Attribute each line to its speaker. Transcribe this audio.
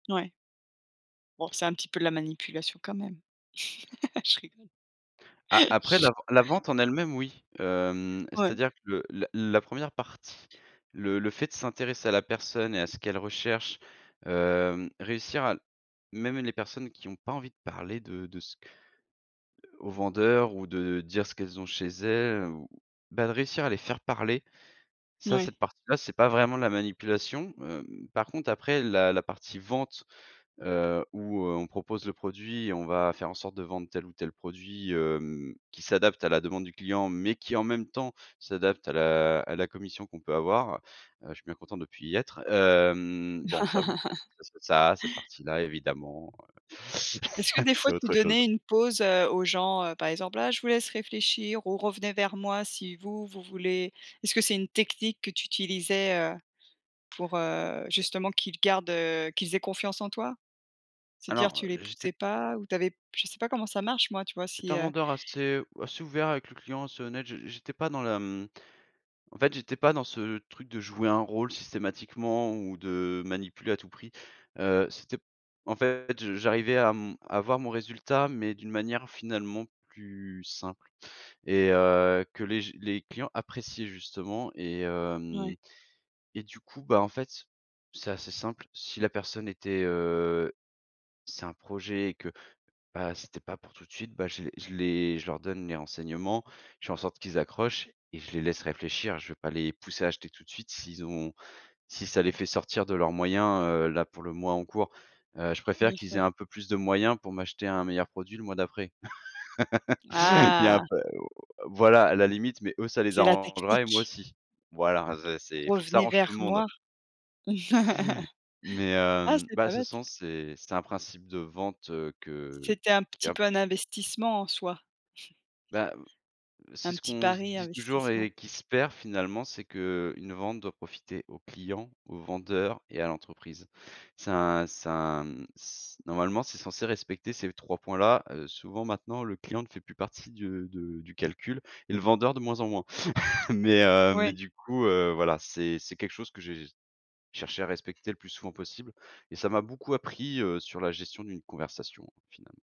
Speaker 1: Ouais. Bon c'est un petit peu de la manipulation quand même. Je rigole.
Speaker 2: A après la ven la vente en elle-même oui. Hem,
Speaker 1: Ouais.
Speaker 2: c'est-à-dire que le la 1re partie, le le fait de s'intéresser à la personne et à ce qu'elle recherche, hem, réussir à l même les personnes qui ont pas envie de parler de de ce que aux vendeurs ou de dire ce qu'elles ont chez elles, ou ben, de réussir à les faire parler, ça
Speaker 1: Ouais.
Speaker 2: cette partie là, c'est pas vraiment de la manipulation. Hem, par contre après la la partie vente, heu, où, heu, on propose le produit et on va faire en sorte de vendre tel ou tel produit, hem, qui s'adapte à la demande du client, mais qui en même temps s'adapte à la à la commission qu'on peut avoir, heu je suis bien content de plus y être, hem bon ça oui. Ça ça ça cette partie-là évidemment, heu,
Speaker 1: Est-ce que des
Speaker 2: c'est
Speaker 1: fois tu
Speaker 2: autre chose.
Speaker 1: donnais une pause, heu, aux gens, heu, par exemple: «Ah je vous laisse réfléchir ou revenez vers moi si vous vous voulez»? Est-ce que c'est une technique que tu utilisais, heu, pour, heu, justement qu'ils gardent, heu, qu'ils aient confiance en toi? C'est à dire
Speaker 2: Alors
Speaker 1: tu les
Speaker 2: j'étais p
Speaker 1: poussais pas? Ou tu avais p je sais pas comment ça marche moi, tu vois,
Speaker 2: J'étais
Speaker 1: si,
Speaker 2: un
Speaker 1: heu?
Speaker 2: vendeur assez assez ouvert avec le client, assez honnête, je j'étais pas dans la, hem en fait, j'étais pas dans ce truc de jouer un rôle systématiquement ou de manipuler à tout prix, heu. C'était en fait, je j'arrivais à, hem, à avoir mon résultat, mais d'une manière finalement plus simple et heu, que les j les clients appréciaient justement et heu,
Speaker 1: Ouais.
Speaker 2: hem et du coup, bah, en fait, c'est assez simple. Si la personne était, heu c'est un projet et que, bah, c'était pas pour tout de suite, bah, je les je les je leur donne les renseignements, je fais en sorte qu'ils accrochent et je les laisse réfléchir, je vais pas les pousser à acheter tout de suite. S'ils ont si ça les fait sortir de leurs moyens, heu, là pour le mois en cours, heu, je préfère
Speaker 1: Bien
Speaker 2: qu'ils aient
Speaker 1: sûr.
Speaker 2: un peu plus de moyens pour m'acheter un meilleur produit le mois d'après. Il y a un
Speaker 1: Ah!
Speaker 2: p heu, voilà à la limite, mais eux ça les
Speaker 1: C'est la
Speaker 2: arrangera et moi
Speaker 1: technique.
Speaker 2: aussi. Voilà, ze c'est il faut que ça
Speaker 1: Revenez
Speaker 2: arrange tout
Speaker 1: vers
Speaker 2: le monde.
Speaker 1: moi.
Speaker 2: Mais,
Speaker 1: Ah
Speaker 2: hem,
Speaker 1: c'est
Speaker 2: bah
Speaker 1: pas
Speaker 2: de toute
Speaker 1: bête.
Speaker 2: façon, c'est c'est un principe de vente, heu, que
Speaker 1: C'était un
Speaker 2: qui
Speaker 1: petit
Speaker 2: un
Speaker 1: peu
Speaker 2: p
Speaker 1: un investissement en soi.
Speaker 2: Ben, heu, c'est
Speaker 1: Un
Speaker 2: ce
Speaker 1: petit
Speaker 2: qu'on se
Speaker 1: pari
Speaker 2: dit toujours
Speaker 1: investissement.
Speaker 2: et qui se perd finalement, c'est qu'une vente doit profiter au client, au vendeur et à l'entreprise. C'est un c'est un c normalement, c'est censé respecter ces 3 points là. Heu, souvent, maintenant le client ne fait plus partie de de du calcul et le vendeur de moins en moins. Mais, heu, mais
Speaker 1: Ouais.
Speaker 2: du coup, heu, voilà c'est c'est quelque chose que j'ai cherché à respecter le plus souvent possible et ça m'a beaucoup appris, heu, sur la gestion d'une conversation finalement.